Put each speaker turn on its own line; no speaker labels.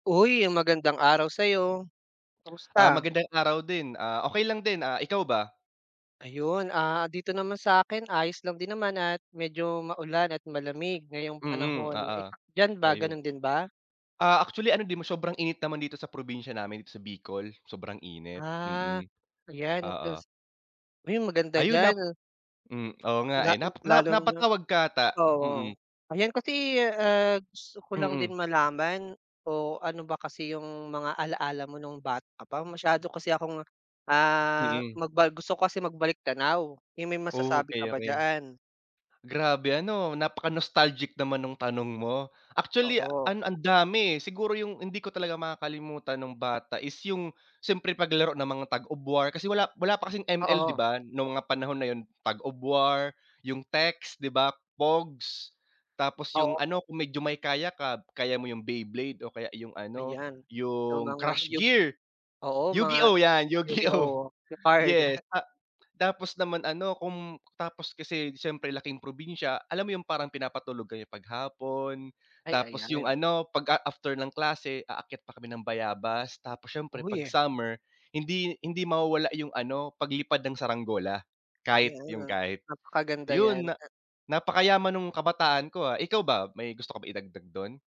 Uy, magandang araw sa'yo,
Ah,
kamusta?
magandang araw din. Ah, okey lang din ah, ikaw ba?
Ayun ah, dito naman sa'kin ayos lang din naman at medyo maulan at malamig ngayong
Mm,
panahon. Eh,
oo,
diyan ba
ayun.
ganun din ba?
Ah, actually ano din sobrang init naman dito sa probinsya namin dito sa Bicol, sobrang init,
Ah,
mm,
yan.
oo.
Kas ay, maganda
Ayun,
diyan.
nap hmm, oo nga,
La
eh. Na na
lalo na
napatawag ka ata,
oo.
mm.
Ayan, kasi ah, gusto ko lang
Mm.
din malaman o ano ba kasi yung mga ala-ala mo nung bata ka pa, masyado kasi akong ah,
Mm.
magba gusto ko kasi magbalik tanaw eh, may
Oh,
masasabi ka
okey,
ba
okey.
diyaan?
Grabe ano, napaka-nostalgic naman nung tanong mo. Actually,
Oo.
an ang dami eh, siguro yung hindi ko talaga makakalimutan nung bata is yung siyempre paglaro ng mga Tag of War, kasi wala wala pa kasing ML 'di
Oo.
ba, nung mga panahon na yun Tag of War, yung text 'di ba, pogs. Tapos yung
Oo.
ano kung medyo may kaya ka, kaya mo yung Beyblade o kaya yung ano
Ayan, yung
yung
mga
Crush
yug
Gear,
oo, mga
Yu-Gi-Oh yan, Yu-Gi-Oh
Yu-Gi-Oh yung card.
yes. Ta tapos naman ano kung tapos kasi siyempre laking probinsya, alam mo yung parang pinapatulog kami 'pag hapon.
Ay,
Tapos yung
ayan.
ano 'pag a after ng klase aakyat pa kami ng bayabas. Tapos siyempre 'pag
Uy.
summer, hindi hindi mawawala 'yong ano paglipad ng saranggola,
Kaya
kite yung
nga,
kite.
napakaganda yan
Yun, na
ah.
napakayaman nung kabataan ko, ah, ikaw ba may gusto ka ba idagdag dun?